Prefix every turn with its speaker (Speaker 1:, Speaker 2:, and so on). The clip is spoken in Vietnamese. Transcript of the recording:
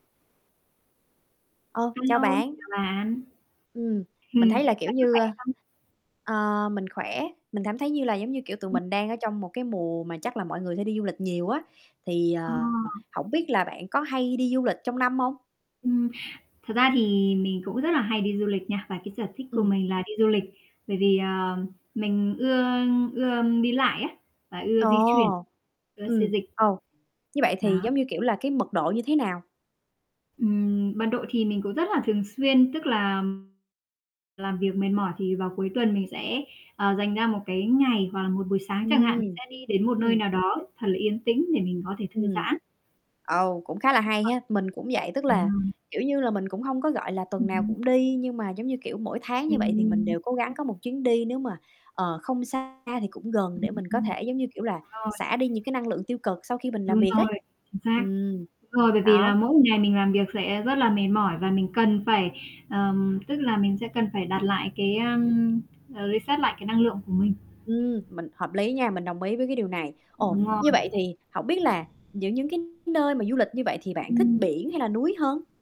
Speaker 1: Ờ,
Speaker 2: A
Speaker 1: chào
Speaker 2: lô,
Speaker 1: bạn.
Speaker 2: chào bạn.
Speaker 1: Ừm, mình
Speaker 2: Ừm,
Speaker 1: thấy là kiểu
Speaker 2: bạn có
Speaker 1: như,
Speaker 2: khỏe
Speaker 1: ơ
Speaker 2: không?
Speaker 1: ờ, mình khỏe. Mình cảm thấy như là, giống như kiểu, tụi
Speaker 2: Ừm.
Speaker 1: mình đang ở trong một cái mùa mà chắc là mọi người sẽ đi du lịch nhiều á. Thì,
Speaker 2: Ờ.
Speaker 1: ờ, hổng biết là bạn có hay đi du lịch trong năm hông?
Speaker 2: Ừm, thật ra thì mình cũng rất là hay đi du lịch nha. Và cái sở thích của
Speaker 1: Ừm.
Speaker 2: mình là đi du lịch, bởi vì, ờ, mình ưa ưa đi lại á, và ưa
Speaker 1: Ồ,
Speaker 2: di chuyển, ưa xê
Speaker 1: ừm,
Speaker 2: dịch.
Speaker 1: ừ. Như vậy thì
Speaker 2: Đó.
Speaker 1: giống như, kiểu, là cái mật độ như thế nào?
Speaker 2: Ừm, mật độ thì mình cũng rất là thường xuyên, tức là làm việc mệt mỏi thì vào cuối tuần mình sẽ, ờ, dành ra một cái ngày hoặc là một buổi sáng chẳng hạn, mình
Speaker 1: Ừm,
Speaker 2: sẽ đi đến một nơi
Speaker 1: ừm.
Speaker 2: nào đó thật là yên tĩnh để mình có thể thư
Speaker 1: Ừm.
Speaker 2: giãn.
Speaker 1: Ồ, cũng khá là hay ha. Mình cũng vậy, tức,
Speaker 2: [unintelligible]
Speaker 1: là
Speaker 2: Ờ.
Speaker 1: kiểu như là, mình cũng hông có, gọi là, tuần nào
Speaker 2: Ừm.
Speaker 1: cũng đi. Nhưng mà, giống như kiểu, mỗi tháng như vậy thì mình
Speaker 2: Ừm.
Speaker 1: đều cố gắng có một chuyến đi, nếu mà, ờ, không xa thì cũng gần để mình có
Speaker 2: Ừm,
Speaker 1: thể, giống như kiểu là,
Speaker 2: rồi.
Speaker 1: xả đi những cái năng lượng tiêu cực sau khi mình làm
Speaker 2: Đúng
Speaker 1: việc
Speaker 2: rồi,
Speaker 1: ấy.
Speaker 2: chính xác.
Speaker 1: Ừm,
Speaker 2: Đúng rồi, bởi vì
Speaker 1: đó.
Speaker 2: là mỗi một ngày mình làm việc sẽ rất là mệt mỏi, và mình cần phải, ừm, tức là mình sẽ cần phải đặt lại cái, ưm, ờ, reset lại cái năng lượng của mình.
Speaker 1: Ừm, mình hợp lý nha. Mình đồng ý với cái điều này. Ồ,
Speaker 2: Đúng rồi.
Speaker 1: như vậy thì hổng biết là những những cái nơi mà du lịch như vậy thì bạn thích
Speaker 2: Ừm.
Speaker 1: biển hay là núi hơn?